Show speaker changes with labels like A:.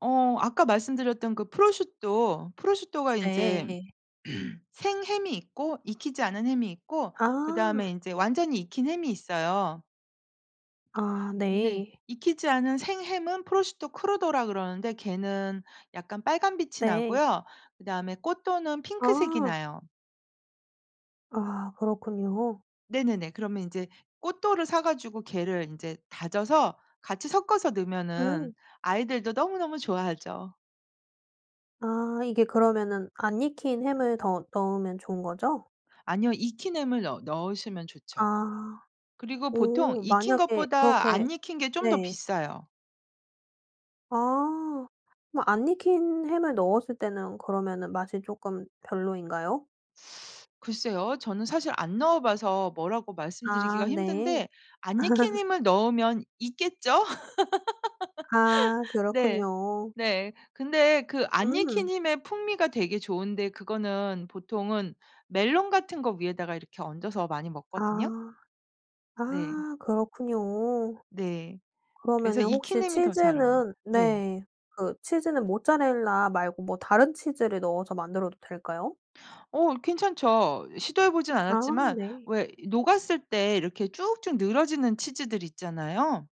A: 어 아까 말씀드렸던 그 프로슈토 프로슈토가 인제
B: 네.
A: 생햄이 있고 익히지 않은 햄이 있고 그다음에
B: 아.
A: 인제 완전히 익힌 햄이 있어요.
B: 아
A: 근데
B: 네.
A: 익히지 않은 생햄은 prosciutto crudo라고 그러는데 걔는 약간 빨간빛이
B: 네.
A: 나고요. 그다음에 cotto는 핑크색이
B: 아.
A: 나요.
B: 아 그렇군요.
A: 네네네. 그러면 인제 cotto를 사 가지고 걔를 인제 다져서 같이 섞어서 넣으면은
B: 음.
A: 아이들도 너무너무 좋아하죠.
B: 아 이게 그러면은 안 익힌 햄을 더 넣으면 좋은 거죠?
A: 아니요. 익힌 햄을 넣 넣으시면 좋죠.
B: 아.
A: 그리고 보통
B: 오.
A: 익힌
B: 만약에
A: 것보다
B: 그렇게
A: 안 익힌 게 좀 더
B: 네.
A: 비싸요.
B: 아. 뭐 안 익힌 햄을 넣었을 때는 그러면은 맛이 쪼끔 별로인가요?
A: 글쎄요. 저는 사실 안 넣어 봐서 뭐라고
B: 아
A: 말씀드리기가
B: 네.
A: 힘든데 안 익힌 햄을 넣으면 익겠죠?
B: 아
A: 네.
B: 그렇군요.
A: 네. 근데 그 안 익힌
B: 음.
A: 힘의 풍미가 되게 좋은데 그거는 보통은 멜론 같은 거 위에다가 이렇게 얹어서 많이 먹거든요?
B: 아.
A: 네.
B: 아 그렇군요.
A: 네. 그래서
B: 그러면은
A: 익힌
B: 혹시
A: 햄이 더 잘 어울려
B: 치즈는
A: 네.
B: 네 그 치즈는 모짜렐라 말고 뭐 다른 치즈를 넣어서 만들어도 될까요?
A: 어 괜찮죠. 시도해 보진
B: 아
A: 않았지만
B: 네.
A: 왜 이 녹았을 때 이렇게 쭉쭉 늘어지는 치즈들 있잖아요.